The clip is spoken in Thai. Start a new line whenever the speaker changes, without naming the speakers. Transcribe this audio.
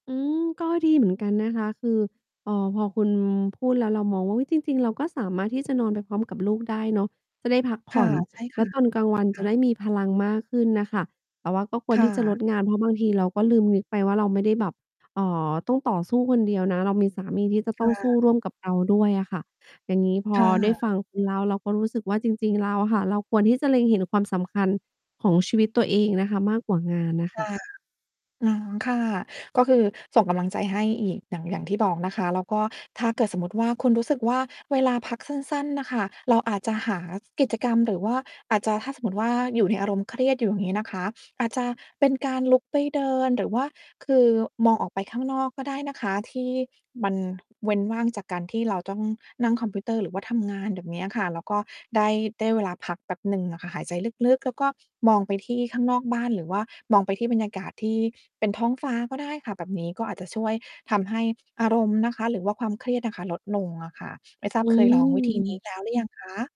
อืม ก็ดีเหมือนกันนะคะ คือ เอ่อ พอคุณพูดแล้ว เรามองว่า อุ๊ย จริง ๆ เราก็สามารถที่จะ นอนไปพร้อมกับลูกได้เนาะ จะได้พักผ
ค่
่
ะ
อน
ใช่
แ
ค
ล
่
้ว
ะ
ตอนกลาง วัน
ค
จะ
่
ได
ะ
้มีพลังมากขึ้นน่ะค่ะ แต่ว่าก็คว
ค
ร
่
ที่จะล
ะ
ดงาน เพราะบางทีเราก็ลืมนึกไปว่า เราไม่ได้แบบ เอ่อ ต้องต่อสู้คนเดียวนะ เรามีสามีที่จะ
ค
ต้อ
่
งสู้
ะ
ร่วมกับเราด้วยอะค่ะ อย่างงี้ พอ
ค่
ได้
ะ
ฟังคุณเล่า เราก็รู้สึกว่า จริง ๆ แล้วอะค่ะ เราควรที่จะเล็งเห็นความสำคัญของชีวิตตัวเองนะคะ มากกว่างานน่ะ
ค
ค่ะ
่ะ อ๋อ ค่ะ ก็คือส่งกำลังใจให้อีก อย่าง อย่างที่บอกนะคะ แล้วก็ถ้าเกิดสมมุติว่า คุณรู้สึกว่า เวลาพักสั้น ๆ น่ะค่ะ เราอาจจะหากิจกรรม หรือว่าอาจจะ ถ้าสมมติว่า อยู่ในอารมณ์เครียดอยู่งี้นะคะ อาจจะเป็นการลุกไปเดิน หรือว่าคือ มองออกไปข้างนอกก็ได้นะคะ ที่มันเว้นว่างจากการที่เราต้องนั่งคอมพิวเตอร์หรือว่าทำงาน แบบเนี้ยค่ะ แล้วก็ได้ ได้เวลาพักแป๊บหนึ่งอะค่ะ หายใจลึก ๆ แล้วก็มองไปที่ข้างนอกบ้าน หรือว่ามองไปที่บรรยากาศที่เป็นท้องฟ้าก็ได้ค่ะ แบบนี้ก็อาจจะช่วยทำให้อารมณ์นะคะ หรือว่าความเครียดน่ะค่ะ ลดลงอะค่ะ ไม่ทรา
อ
บ
ื
เคยลองวิธี นี้
ม
แล้วหรือยังคะ?